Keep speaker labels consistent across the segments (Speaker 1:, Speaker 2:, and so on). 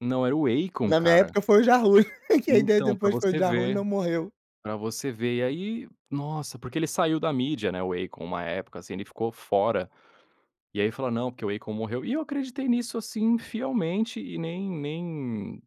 Speaker 1: Não, era o Akon,
Speaker 2: Na minha
Speaker 1: cara.
Speaker 2: época, foi o Ja Rule, que a ideia
Speaker 1: Então, pra
Speaker 2: depois foi: "O
Speaker 1: você
Speaker 2: Ja Rule
Speaker 1: ver.
Speaker 2: não morreu".
Speaker 1: Pra você ver. E aí, nossa, porque ele saiu da mídia, né, o Akon, uma época, assim, ele ficou fora. E aí falou: "Não, porque o Akon morreu", e eu acreditei nisso, assim, fielmente e nem nem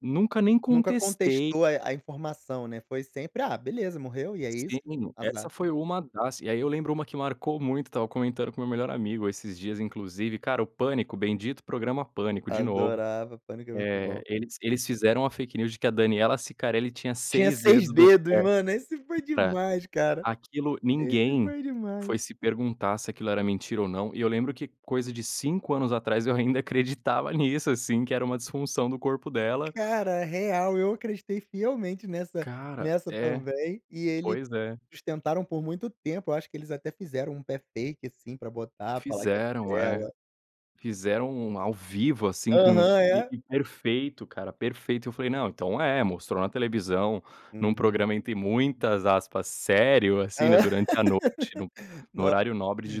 Speaker 1: nunca nem
Speaker 2: Nunca
Speaker 1: contestei.
Speaker 2: contestou, eh, a informação, né, foi sempre: "Ah, beleza, morreu e é
Speaker 1: Sim,
Speaker 2: isso.
Speaker 1: essa
Speaker 2: Azar".
Speaker 1: foi uma das, e aí eu lembro uma que marcou muito, estava comentando com meu melhor amigo esses dias inclusive, cara, o Pânico, bendito programa Pânico, de novo,
Speaker 2: Adorava, Pânico é muito
Speaker 1: eh,
Speaker 2: bom.
Speaker 1: eles eles fizeram a fake news de que a Daniela Cicarelli tinha
Speaker 2: Tinha
Speaker 1: 6
Speaker 2: 6
Speaker 1: dedos do
Speaker 2: dedos, mano, esse foi
Speaker 1: pé pra
Speaker 2: demais, cara.
Speaker 1: Aquilo
Speaker 2: Esse
Speaker 1: ninguém
Speaker 2: foi demais.
Speaker 1: foi se perguntar se aquilo era mentira ou não, e eu lembro que coisa de 5 anos atrás, eu ainda acreditava nisso, assim, que era uma disfunção do corpo dela.
Speaker 2: Cara, real, eu acreditei fielmente nessa
Speaker 1: Cara,
Speaker 2: nessa
Speaker 1: é.
Speaker 2: também, e eles
Speaker 1: Pois é.
Speaker 2: tentaram por muito tempo, eu acho que eles até fizeram um pé fake, assim, pra botar, falar que era
Speaker 1: Fizeram, é.
Speaker 2: dela.
Speaker 1: Fizeram um ao vivo, assim, com c
Speaker 2: Aham,
Speaker 1: e
Speaker 2: é.
Speaker 1: e perfeito cara, perfeito. Eu falei: "Não, então é, mostrou na televisão, num
Speaker 2: Uhum.
Speaker 1: programa entre muitas, aspas, 'sério', assim, né, durante a noite, no p no
Speaker 2: No
Speaker 1: horário nobre de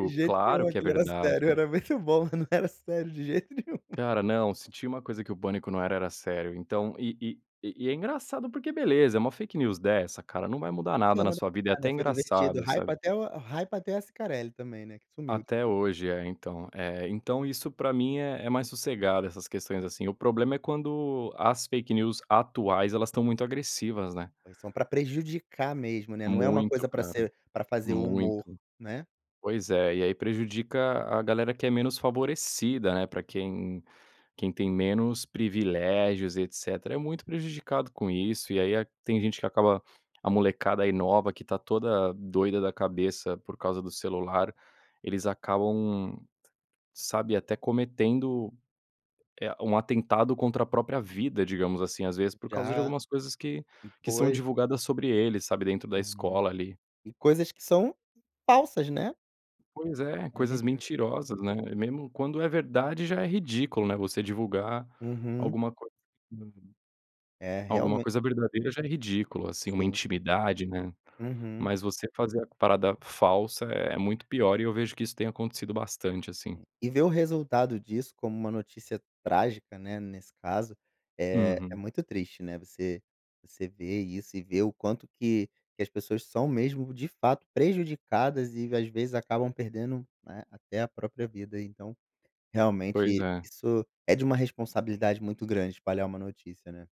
Speaker 2: o jeito que
Speaker 1: claro
Speaker 2: eu
Speaker 1: que é
Speaker 2: que ele era
Speaker 1: verdade,
Speaker 2: sério,
Speaker 1: né".
Speaker 2: era muito bom, não era sério de jeito nenhum.
Speaker 1: Cara, não, se tinha uma coisa que o pânico não era, era sério. Então, e e e é engraçado, porque beleza, é uma fake news dessa, cara, não vai mudar nada na
Speaker 2: [unintelligible]
Speaker 1: sua vida, é até
Speaker 2: Foi divertido,
Speaker 1: engraçado, sabe.
Speaker 2: hypa até o hypa até a Cicarelli também, né, que sumiu
Speaker 1: Até
Speaker 2: depois.
Speaker 1: hoje, é, então. Eh, então isso pra mim é é mais sossegado, essas questões assim, o problema é quando, as fake news atuais, elas estão muito agressivas, né.
Speaker 2: Foi são pra prejudicar mesmo, né, não é uma
Speaker 1: Muito
Speaker 2: coisa pra
Speaker 1: cara,
Speaker 2: ser pra fazer
Speaker 1: muito.
Speaker 2: humor, né.
Speaker 1: Pois é, e aí prejudica a galera que é menos favorecida, né, pra quem quem tem menos privilégios, e etcétera, é muito prejudicado com isso, e aí a tem gente que acaba a molecada, aí, nova, que está toda doida da cabeça por causa do celular, eles acabam, sabe, até cometendo, eh, um atentado contra a própria vida, digamos assim, às vezes, por causa de
Speaker 2: Já.
Speaker 1: algumas coisas que que são
Speaker 2: Pois.
Speaker 1: divulgadas sobre eles, sabe, dentro da
Speaker 2: Uhum.
Speaker 1: escola, ali.
Speaker 2: E coisas que são falsas, né.
Speaker 1: Pois é,
Speaker 2: A
Speaker 1: coisas
Speaker 2: gente vê.
Speaker 1: mentirosas, né, mesmo quando é verdade, já é ridículo, né, você divulgar
Speaker 2: Uhum.
Speaker 1: alguma coi
Speaker 2: É,
Speaker 1: Alguma
Speaker 2: realmen
Speaker 1: coisa verdadeira, já é ridículo, assim, uma
Speaker 2: Sim.
Speaker 1: intimidade, né.
Speaker 2: Uhum.
Speaker 1: Mas você fazer a parada falsa é muito pior, e eu vejo que isso tem acontecido bastante, assim.
Speaker 2: E ver o resultado disso como uma notícia trágica, né, nesse caso, eh, é
Speaker 1: Uhum.
Speaker 2: muito triste, né, você você ver isso e ver o quanto que que as pessoas são mesmo, de fato, prejudicadas, e às vezes acabam perdendo, né, até a própria vida, então,
Speaker 1: Pois
Speaker 2: realmente,
Speaker 1: é.
Speaker 2: isso é de uma responsabilidade muito grande, espalhar uma notícia, né.